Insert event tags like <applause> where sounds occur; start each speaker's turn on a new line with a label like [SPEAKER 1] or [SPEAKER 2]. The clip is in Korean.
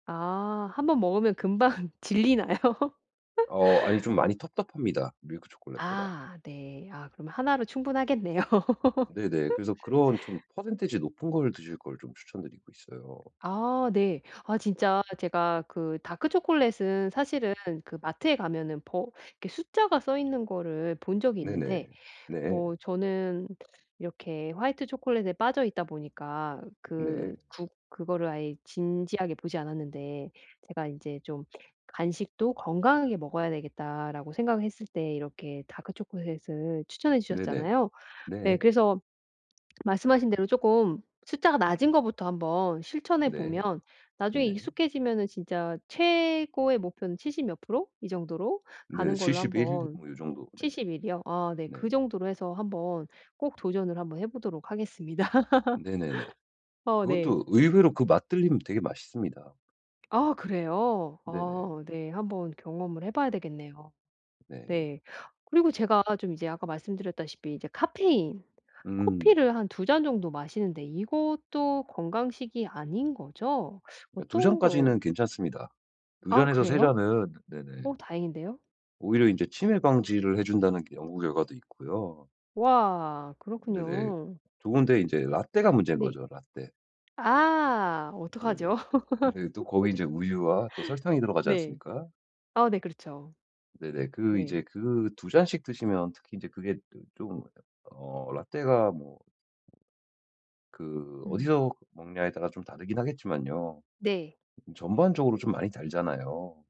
[SPEAKER 1] 아. 1 번 먹으면 금방 질리나요?
[SPEAKER 2] 어 아니 좀
[SPEAKER 1] <laughs>
[SPEAKER 2] 많이 텁텁합니다 밀크 초콜릿보다.
[SPEAKER 1] 아 네. 아 그러면 로 충분하겠네요.
[SPEAKER 2] 네네. 그래서 그런 좀
[SPEAKER 1] <laughs>
[SPEAKER 2] 퍼센티지 높은 걸 드실 걸 좀 추천드리고 있어요.
[SPEAKER 1] 아 네. 아 진짜 제가 그 다크 초콜릿은 사실은 그 마트에 가면은 버 이렇게 숫자가 써 있는 거를 본 적이
[SPEAKER 2] 네네.
[SPEAKER 1] 있는데
[SPEAKER 2] 네.
[SPEAKER 1] 뭐 저는 이렇게 화이트 초콜릿에 빠져 있다 보니까 그
[SPEAKER 2] 네.
[SPEAKER 1] 구 그거를 아예 진지하게 보지 않았는데 제가 '이제 좀 간식도 건강하게 먹어야 되겠다.'라고 생각을 했을 때 이렇게 다크 초콜릿을 추천해
[SPEAKER 2] 네네.
[SPEAKER 1] 주셨잖아요. 네.
[SPEAKER 2] 네.
[SPEAKER 1] 그래서 말씀하신 대로 쪼끔 숫자가 낮은 거부터 한번 실천해
[SPEAKER 2] 네.
[SPEAKER 1] 보면 나중에
[SPEAKER 2] 네네.
[SPEAKER 1] 익숙해지면은 진짜 최고의 목표는 70 몇 프로? 이 정도로
[SPEAKER 2] 네.
[SPEAKER 1] 가는 걸로
[SPEAKER 2] 71
[SPEAKER 1] 한번
[SPEAKER 2] 뭐 요 정도. 네네.
[SPEAKER 1] 71 이요? 아 네.
[SPEAKER 2] 네네.
[SPEAKER 1] 그 정도로 해서 한번 꼭 도전을 한번 해 보도록 하겠습니다.
[SPEAKER 2] 네네네.
[SPEAKER 1] <laughs> 어 네.
[SPEAKER 2] 그것도 의외로 그 맛 들리면 되게 맛있습니다.
[SPEAKER 1] 아 그래요?
[SPEAKER 2] 네네.
[SPEAKER 1] 아 네. 한번 경험을 해 봐야 되겠네요.
[SPEAKER 2] 네.
[SPEAKER 1] 네. 그리고 제가 좀 이제 아까 말씀드렸다시피 이제 카페인
[SPEAKER 2] 음.
[SPEAKER 1] 커피를 한 2 잔 정도 마시는데 이것도 건강식이 아닌 거죠?
[SPEAKER 2] 아 2
[SPEAKER 1] 어떤 거
[SPEAKER 2] 잔까지는 괜찮습니다. 2
[SPEAKER 1] 아
[SPEAKER 2] 잔에서 3
[SPEAKER 1] 그래요?
[SPEAKER 2] 잔은 네네.
[SPEAKER 1] 어 다행인데요?
[SPEAKER 2] 오히려 이제 치매 방지를 해 준다는 연구 결과도 있고요.
[SPEAKER 1] 와
[SPEAKER 2] 네네.
[SPEAKER 1] 그렇군요.
[SPEAKER 2] 좋은데 인제 라테가 문제인
[SPEAKER 1] 네.
[SPEAKER 2] 거죠 라테.
[SPEAKER 1] 아
[SPEAKER 2] 네네.
[SPEAKER 1] 어떡하죠?
[SPEAKER 2] 인제 또 거기 이제 우유와 또 설탕이
[SPEAKER 1] <laughs>
[SPEAKER 2] 들어가지
[SPEAKER 1] 네.
[SPEAKER 2] 않습니까?
[SPEAKER 1] 아네 그렇죠.
[SPEAKER 2] 네네. 그 이제
[SPEAKER 1] 네.
[SPEAKER 2] 그 2 잔씩 드시면 특히 이제 그게 그 좀 어 라테가 뭐 그
[SPEAKER 1] 음.
[SPEAKER 2] 어디서 먹냐에 따라 좀 다르긴 하겠지만요.
[SPEAKER 1] 네.
[SPEAKER 2] 음 전반적으로 좀 많이 달잖아요.